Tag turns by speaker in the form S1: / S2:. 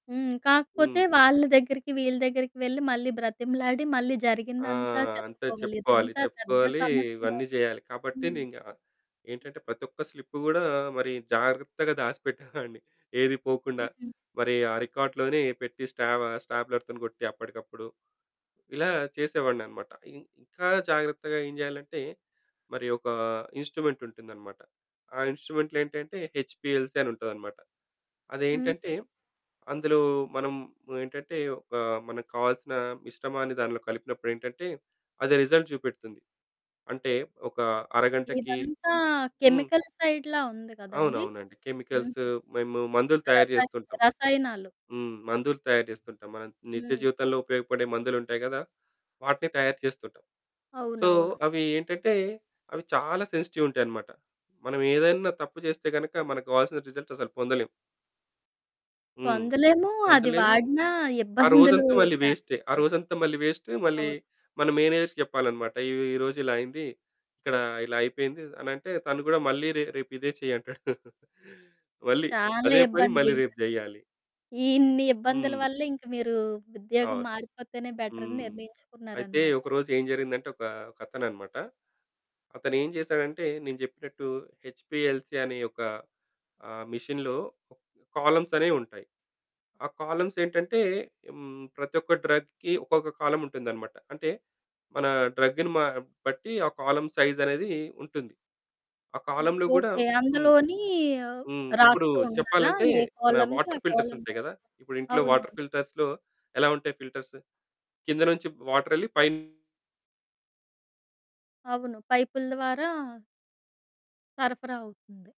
S1: హ్మ్. కాకపోతే
S2: హ్మ్.
S1: వాళ్ళ దగ్గరికి వీళ్ళ దగ్గరికి వెళ్లి మళ్ళీ బ్రతిమలాడి మళ్ళీ
S2: ఆ!
S1: జరిగిందంతా
S2: అంటే
S1: చెప్పుకోవాలి.
S2: చెప్పుకోవాలి,
S1: ఇదంతా పెద్ద
S2: చెప్పుకోవాలి.
S1: సమస్య.
S2: ఇవన్నీ చేయాలి. కాబట్టి
S1: హ్మ్.
S2: నేను ఇంక ఏంటంటే ప్రతి ఒక్క స్లిప్పు కూడా మరి జాగ్రత్తగా దాచిపెట్టేవాడిని. ఏది పోకుండా
S1: హుహు.
S2: మరి ఆ రికార్డ్‌లోనే పెట్టి స్టాబా స్టాబ్లెర్‌తోని కొట్టి అప్పటికప్పుడు ఇలా చేసేవాడినన్నమాట. ఇ ఇంక జాగ్రత్తగా ఏం జేయాలంటే మరి ఒక ఇన్స్‌ట్రూమెంటుంటుందన్నమాట. ఆ ఇన్స్‌ట్రూ‌మెంట్లు ఏంటంటే హెచ్‌పిఎల్‌సి అని ఉంటదన్నమాట.
S1: హ్మ్.
S2: అదేంటంటే అందులో మనం ఏంటంటే ఒక మనకు కావాల్సిన మిశ్రమాన్ని దానిలో కలిపినప్పుడు ఏంటంటే అది రిజల్ట్ చూపెడుతుంది. అంటే ఒక అరగంటకి
S1: ఇదంతా
S2: హ్మ్.
S1: కెమికల్ సైడ్‌లా ఉంది కదండీ?
S2: అవునవునండి.
S1: హుహు.
S2: కెమికల్స్ మేము మందులు తయారు
S1: రసాయి
S2: చేస్తుంటాం.
S1: రసాయనాలు.
S2: హ్మ్. మందులు తయారుచేస్తుంటాం. మనం నిత్య
S1: హ్మ్.
S2: జీవితంలో ఉపయోగపడే మందులు ఉంటాయి గదా! వాటిని తయారు చేస్తుంటాం. సో,
S1: అవునవును.
S2: అవి ఏంటంటే అవి చాలా సెన్సిటివ్ ఉంటాయన్నమాట. మనం ఏదైనా తప్పు చేస్తే గనక మనకు కావాల్సిన రిజల్ట్స్ అసలు పొందలేము. హ్మ్.
S1: పొందలేము. అది
S2: పొందలేము.
S1: వాడిన
S2: ఆ
S1: ఇబ్బందులు
S2: రోజంతా మళ్ళీ వేస్టే. ఆ
S1: [unintelligible]
S2: రోజంతా మళ్ళీ వేస్టు. మళ్లీ
S1: అవును.
S2: మన మేనేజర్‌కి చెప్పాలన్నమాట. "ఈ ఈ రోజు ఇలా అయింది. ఇక్కడ ఇలా అయిపోయింది" అనంటే తను కూడా మళ్ళీ "రే రేపు ఇదే చెయ్యి" అంటాడు. మళ్ళీ
S1: చాలా
S2: అదే పని
S1: ఇబ్బంది.
S2: మళ్ళీ
S1: ఇంక
S2: రేపు జెయ్యాలి.
S1: ఇన్ని ఇబ్బందుల
S2: హ్మ్.
S1: వల్ల ఇంక మీరు ఉద్యోగం
S2: అవును.
S1: మారిపోతేనే బెటర్ అని
S2: హ్మ్. అయితే
S1: నిర్ణయించుకున్నారన్నమాట.
S2: ఒక రోజు ఏం జరిగిందంటే, ఒక ఒక అతను అనమాట, అతను ఏం చేసాడంటే, నేను చెప్పినట్టు హెచ్‌పిఎల్‌సి అనే ఒక ఆహ్, మెషిన్‌లో కాలమ్స్ అనేవి ఉంటాయి. ఆ కాలమ్స్ ఏంటంటే హ్మ్, ప్రతి ఒక్క డ్రగ్‌కి ఒక్కొక్క కాలమ్ ఉంటుందన్నమాట. అంటే మన డ్రగ్‌ని మా బట్టి ఆ కాలమ్ సైజ్ అనేది ఉంటుంది. ఆ
S1: హ్మ్.
S2: కాలమ్‌లో కూడా
S1: ఓకే.
S2: హ్మ్,
S1: అందులోని
S2: హ్మ్. ఇప్పుడు
S1: రాస్తూ ఉండాలా?
S2: చెప్పాలంటే
S1: ఏ
S2: మన
S1: కాలమ్‌కి ఆ
S2: వాటర్ ఫిల్టర్స్
S1: కాలమ్‌
S2: ఉంటాయి
S1: రాస్తూ.
S2: గదా! ఇప్పుడు ఇంట్లో వాటర్
S1: అవునవును.
S2: ఫిల్టర్స్‌లో ఎలా ఉంటాయి ఫిల్టర్స్? కింద నుంచి వాటర్ వెళ్లి పైన
S1: అవును పైపుల ద్వారా... సరఫరా అవుతుంది.